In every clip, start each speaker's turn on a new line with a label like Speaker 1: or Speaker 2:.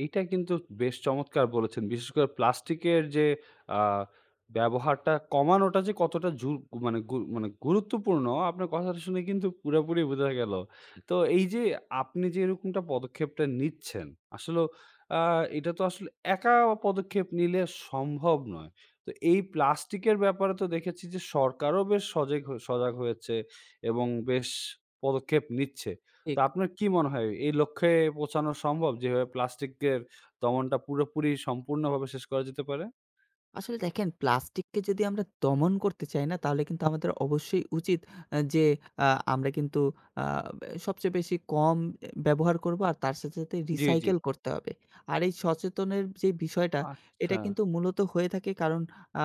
Speaker 1: এইটা কিন্তু বেশ চমৎকার বলেছেন। বিশেষ করে প্লাস্টিকের যে আ ব্যবহারটা কমানোটা যে কতটা জু মানে গুউ মানে গুরুত্বপূর্ণ আপনার কথাটা শুনে কিন্তু পুরোপুরি বোঝা গেলো। তো এই যে আপনি যে এরকমটা পদক্ষেপটা নিচ্ছেন আসলেও আ এটা তো আসলে একা পদক্ষেপ নিলে সম্ভব নয়। তো এই প্লাস্টিকের ব্যাপারে তো দেখেছি যে সরকারও বেশ সজাগ হয়ে সজাগ হয়েছে এবং বেশ পদক্ষেপ নিচ্ছে। তো
Speaker 2: ঠিক।
Speaker 1: আপনার কি মনে হয় এই লক্ষ্যে পৌঁছানো সম্ভব যেভাবে প্লাস্টিকের দমনটা পুরোপুরি সম্পূর্ণভাবে শেষ করা যেতে পারে?
Speaker 2: আসলে দেখেন প্লাস্টিক কে যদি আমরা দমন করতে চাই না তাহলে কিন্তু আমাদের অবশ্যই উচিত আ যে আ আমরা কিন্তু আ ব্যা সবচেয়ে বেশি কম অ্যা ব্যবহার করব আর তার সাথে, সাথে
Speaker 1: জি, জি।
Speaker 2: রিসাইকেল করতে হবে। আর এই সচেতনের যে বিষয়টা এটা
Speaker 1: আচ্ছা।
Speaker 2: কিন্তু মূলত হয়ে থাকে কারণ আ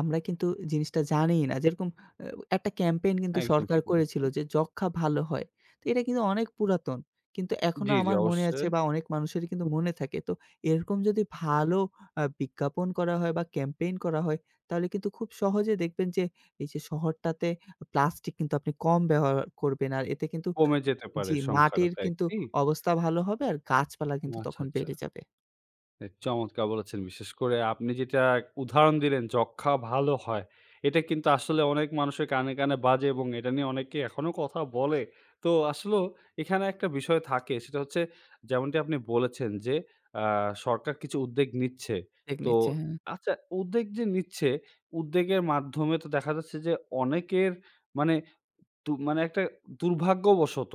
Speaker 2: আমরা কিন্তু জিনিসটা জানিই না। যেরকম অ্যা একটা ক্যাম্পেইন কিন্তু
Speaker 1: একদম
Speaker 2: সরকার
Speaker 1: ঠিক
Speaker 2: করেছিল
Speaker 1: বলেছেন।
Speaker 2: যে যক্ষা ভালো হয়। তো এটা কিন্তু অনেক পুরাতন কিন্তু
Speaker 1: জি,
Speaker 2: এখনো
Speaker 1: জি
Speaker 2: আমার মনে আছে
Speaker 1: অবশ্যই।
Speaker 2: বা অনেক মানুষেরই কিন্তু মনে থাকে। তো এরকম যদি ভালো আ বিজ্ঞাপন করা হয় বা ক্যাম্পেইন করা হয় তাহলে কিন্তু খুব সহজে দেখবেন যে এই যে শহরটাতে প্লাস্টিক কিন্তু আপনি কম ব্যবহার করবেন। আর এতে কিন্তু
Speaker 1: কমে যেতে পারে
Speaker 2: যে
Speaker 1: সংখ্যাটা
Speaker 2: মাটির
Speaker 1: তো
Speaker 2: কিন্তু
Speaker 1: একদি
Speaker 2: অবস্থা ভালো হবে আর গাছপালা কিন্তু
Speaker 1: আচ্ছা,
Speaker 2: তখন
Speaker 1: আচ্ছা।
Speaker 2: বেড়ে যাবে।
Speaker 1: অ্যা চমৎকার বলেছেন, বিশেষ করে আপনি যেটা ক উদাহরণ দিলেন যক্ষা ভালো হয় এটা কিন্তু আসলে অনেক মানুষের কানে, কানে বাজে এবং এটা নিয়ে অনেকে এখনও কথা বলে তো আসলেও এখানে একটা বিষয় থাকে সেটা হচ্ছে যেমনটি আপনি বলেছেন, যে আ সরকার কিছু উদ্যোগ নিচ্ছে
Speaker 2: দেগ
Speaker 1: তো
Speaker 2: নিচ্ছে হ্যাঁ।
Speaker 1: আচ্ছা উদ্বেগ যে নিচ্ছে উদ্বেগের মাধ্যমে তো দেখা যাচ্ছে যে অনেকের মানে তো মানে একটা দুর্ভাগ্যবশত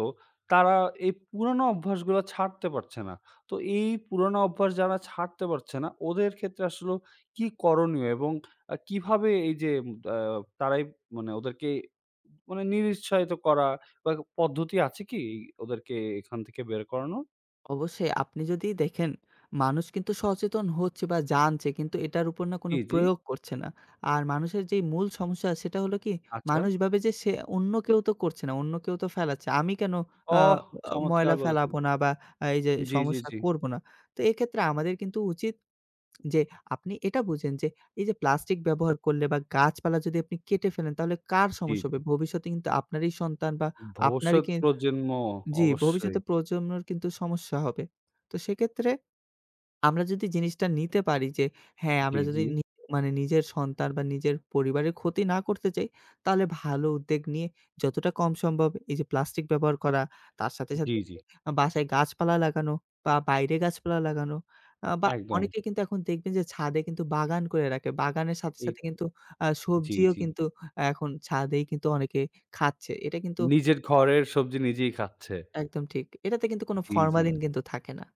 Speaker 1: তারা এই পুরোনো অভ্যাসগুলো ছাড়তে পারছে না। তো এই পুরোনো অভ্যাস যারা ছাড়তে পারছে না ওদের ক্ষেত্রে আসলেও কী করণীয় এবং আ কীভাবে এই যে আ তারাই মানে ওদেরকে মানে নিরুউত্সাহিত করা বা পদ্ধতি আছে কি ওদেরকে এখান থেকে বের করানোর?
Speaker 2: অবশ্যই আপনি যদি দেখেন মানুষ কিন্তু সচেতন হচ্ছে বা জানছে কিন্তু এটার উপর না কোন
Speaker 1: জি, জি।
Speaker 2: প্রয়োগ করছে না। আর মানুষের যেই মূল সমস্যা সেটা হল কি
Speaker 1: আচ্ছা।
Speaker 2: মানুষ ভাবে যে অন্য কেউ তো করছে না। অন্য কেউ তো ফেলাচ্ছে আমি কেন আ আ
Speaker 1: ওহ চমৎকার
Speaker 2: ময়লা
Speaker 1: বলেছেন।
Speaker 2: ফেলাবো না বা এই যে
Speaker 1: জি, জি,
Speaker 2: সমস্যা
Speaker 1: জি।
Speaker 2: করবো না। তো এক্ষেত্রে আমাদের কিন্তু উচিত যে আপনি এটা বুঝেন যে এই যে প্লাস্টিক ব্যবহার করলে বা গাছপালা যদি আপনি কেটে ফেলেন তাহলে কার
Speaker 1: জি,
Speaker 2: সমস্যা হবে?
Speaker 1: জি।
Speaker 2: ভবিষ্যতে কিন্তু আপনারই সন্তান বা আপনারই
Speaker 1: ভবিষ্যৎ
Speaker 2: কিন
Speaker 1: প্রজন্ম,
Speaker 2: জি,
Speaker 1: অবশ্যই।
Speaker 2: ভবিষ্যতে প্রজন্মের কিন্তু সমস্যা হবে। তো সেক্ষেত্রে আমরা যদি জিনিসটা নিতে পারি যে হ্যাঁ,
Speaker 1: জি,
Speaker 2: আমরা
Speaker 1: জি।
Speaker 2: যদি নি মানে নিজের সন্তান বা নিজের পরিবারের ক্ষতি না করতে চাই তাহলে ভালো উদ্যোগ নিয়ে যতটা কম সম্ভব এই যে প্লাস্টিক ব্যবহার করা তার সাথে,
Speaker 1: জি,
Speaker 2: সাথে
Speaker 1: জি।
Speaker 2: আ বাসায় গাছপালা লাগানো বা বাইরে গাছপালা লাগানো আ বা
Speaker 1: একদম।
Speaker 2: অনেকে কিন্তু এখন দেখবেন যে ছাদে কিন্তু বাগান করে রাখে। বাগানের সাথে,
Speaker 1: ঠিক,
Speaker 2: সাথে কিন্তু আ
Speaker 1: জি,
Speaker 2: সবজিও
Speaker 1: জি।
Speaker 2: কিন্তু এখন ছাদেই কিন্তু অনেকে খাচ্ছে এটা কিন্তু
Speaker 1: নিজের ঘরের সবজি নিজেই খাচ্ছে।
Speaker 2: একদম ঠিক। এটাতে কিন্তু কোন
Speaker 1: জি, জি।
Speaker 2: ফরমালিন কিন্তু থাকে না।